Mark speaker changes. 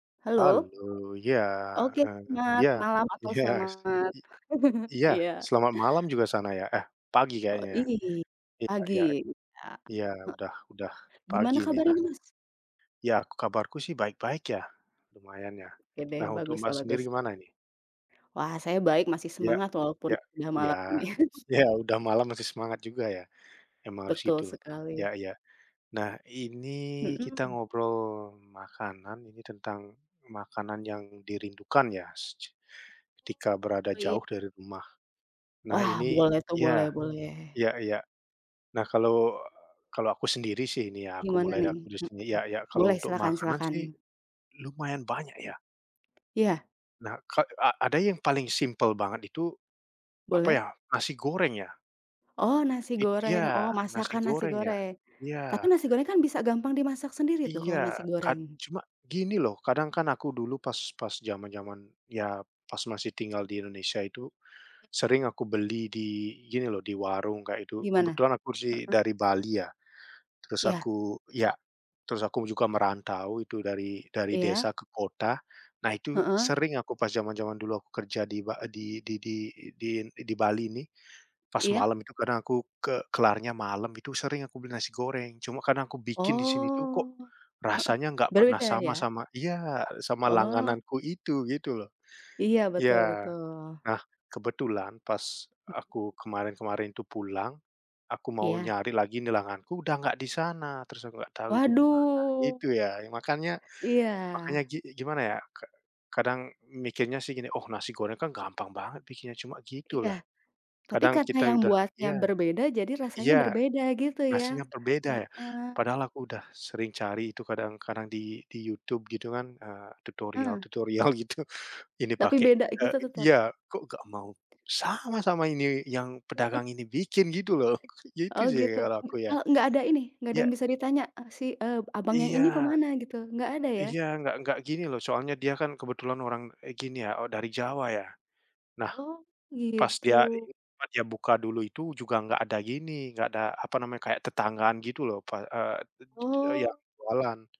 Speaker 1: Halo?
Speaker 2: Halo, ya,
Speaker 1: Oke,
Speaker 2: heeh,
Speaker 1: selamat
Speaker 2: ya,
Speaker 1: malam atau
Speaker 2: iya.
Speaker 1: selamat
Speaker 2: I iya.
Speaker 1: Iya.
Speaker 2: Selamat malam juga sana, ya? Eh, pagi
Speaker 1: Oh.
Speaker 2: kayaknya, ya?
Speaker 1: I
Speaker 2: Iya
Speaker 1: pagi,
Speaker 2: ya.
Speaker 1: iya, heeh,
Speaker 2: Iya, udah, udah pagi
Speaker 1: Gimana
Speaker 2: ini.
Speaker 1: kabarnya,
Speaker 2: Nah
Speaker 1: Mas?
Speaker 2: Iya, kabarku sih baik-baik ya, lumayan, ya.
Speaker 1: Oke deh,
Speaker 2: Nah, untuk
Speaker 1: bagus
Speaker 2: Mbak
Speaker 1: lah,
Speaker 2: sendiri
Speaker 1: bagus.
Speaker 2: gimana ini?
Speaker 1: Wah, saya baik, masih
Speaker 2: Iya,
Speaker 1: semangat walaupun
Speaker 2: iya,
Speaker 1: udah
Speaker 2: iya,
Speaker 1: malam, nih.
Speaker 2: iya udah malam masih semangat juga ya? Emang harus
Speaker 1: Betul
Speaker 2: gitu,
Speaker 1: sekali.
Speaker 2: iya-iya. Nah ini kita
Speaker 1: Mhm.
Speaker 2: ngobrol makanan, ini tentang makanan yang dirindukan ya secu ketika berada
Speaker 1: Oh, iya.
Speaker 2: jauh dari rumah. Nah
Speaker 1: Wah,
Speaker 2: ini,
Speaker 1: boleh tuh, boleh,
Speaker 2: iya,
Speaker 1: boleh.
Speaker 2: iya-iya. Nah kalau, kalau aku sendiri sih ini ya aku
Speaker 1: Gimana,
Speaker 2: mulai dari
Speaker 1: nih?
Speaker 2: aku sendiri
Speaker 1: Mhm,
Speaker 2: ya-ya, kalau
Speaker 1: boleh,
Speaker 2: untuk
Speaker 1: silahkan,
Speaker 2: makanan
Speaker 1: silahkan.
Speaker 2: sih lumayan banyak ya?
Speaker 1: Iya.
Speaker 2: Nah, ka a ada yang paling simpel banget itu apa,
Speaker 1: Boleh.
Speaker 2: ya? Nasi goreng, ya?
Speaker 1: Oh, nasi
Speaker 2: I iya
Speaker 1: goreng. Oh,
Speaker 2: nasi
Speaker 1: masakan nasi
Speaker 2: goreng, ya?
Speaker 1: goreng. Tapi
Speaker 2: Iya.
Speaker 1: nasi goreng kan bisa gampang dimasak sendiri tuh, kalo
Speaker 2: Iya,
Speaker 1: nasi
Speaker 2: kad
Speaker 1: goreng?
Speaker 2: cuma gini loh, kadang kan aku dulu pas pas jaman-jaman ya, pas masih tinggal di Indonesia itu, sering aku beli di gini loh, di warung kayak itu.
Speaker 1: Gimana?
Speaker 2: Kebetulan aku sih
Speaker 1: Heeh.
Speaker 2: dari Bali ya, terus
Speaker 1: Iya.
Speaker 2: aku iya, terus aku juga merantau itu dari dari
Speaker 1: Iya.
Speaker 2: desa ke kota. Nah, itu
Speaker 1: Heeh.
Speaker 2: sering aku pas jaman-jaman dulu aku kerja di Ba di di di di di Bali nih pas
Speaker 1: Iya.
Speaker 2: malam itu kadang aku ke kelarnya malam itu, sering aku beli nasi goreng cuma karena aku bikin di sini tuh, kok
Speaker 1: Oh, heeh,
Speaker 2: rasanya enggak pernah
Speaker 1: beda-beda
Speaker 2: sama,
Speaker 1: ya?
Speaker 2: sama iya, sama
Speaker 1: Oh.
Speaker 2: langgananku itu, gitu loh.
Speaker 1: Iya, betul,
Speaker 2: Iya,
Speaker 1: betul.
Speaker 2: nah kebetulan pas aku kemarin kemarin itu pulang aku mau
Speaker 1: Iya.
Speaker 2: nyari lagi langgananku udah nggak di sana, terus aku nggak tahu itu gimana,
Speaker 1: Waduh!
Speaker 2: gitu ya. Makanya,
Speaker 1: Iya.
Speaker 2: makanya gini, gimana ya, ka kadang mikirnya sih gini, "Oh, nasi goreng kan gampang banget bikinnya cuma
Speaker 1: Iya,
Speaker 2: gitulah",
Speaker 1: tapi
Speaker 2: kadang
Speaker 1: karena
Speaker 2: kita
Speaker 1: yang
Speaker 2: udah
Speaker 1: buatnya
Speaker 2: iya,
Speaker 1: berbeda, jadi rasanya
Speaker 2: iya
Speaker 1: berbeda, gitu ya?
Speaker 2: nasinya berbeda, ya?
Speaker 1: Heeh.
Speaker 2: Padahal aku udah sering cari itu kadang-kadang di di YouTube gitu kan, eee,
Speaker 1: Heeh.
Speaker 2: tutorial-tutorial gitu ini
Speaker 1: Tapi
Speaker 2: pakai,
Speaker 1: beda
Speaker 2: eee,
Speaker 1: gitu tetap?
Speaker 2: iya, kok nggak mau sama sama ini yang pedagang ini bikin gitu loh, maksudnya gitu
Speaker 1: Oh,
Speaker 2: sih
Speaker 1: gitu,
Speaker 2: kalau aku ya,
Speaker 1: kalo enggak ada ini, enggak ada
Speaker 2: iya.
Speaker 1: yang bisa ditanya si, eee, Abang yang
Speaker 2: Iya,
Speaker 1: ini kemana gitu, enggak ada, ya?
Speaker 2: iya, enggak enggak gini loh, soalnya dia kan kebetulan orang, eh, gini ya, oh dari Jawa, ya? Nah,
Speaker 1: Oh,
Speaker 2: pas dia hari
Speaker 1: gitu.
Speaker 2: jumat, dia buka dulu, itu juga enggak ada gini, enggak ada, apa namanya, kayak tetanggaan gitu loh pas, eee, yang
Speaker 1: Oh.
Speaker 2: jualan.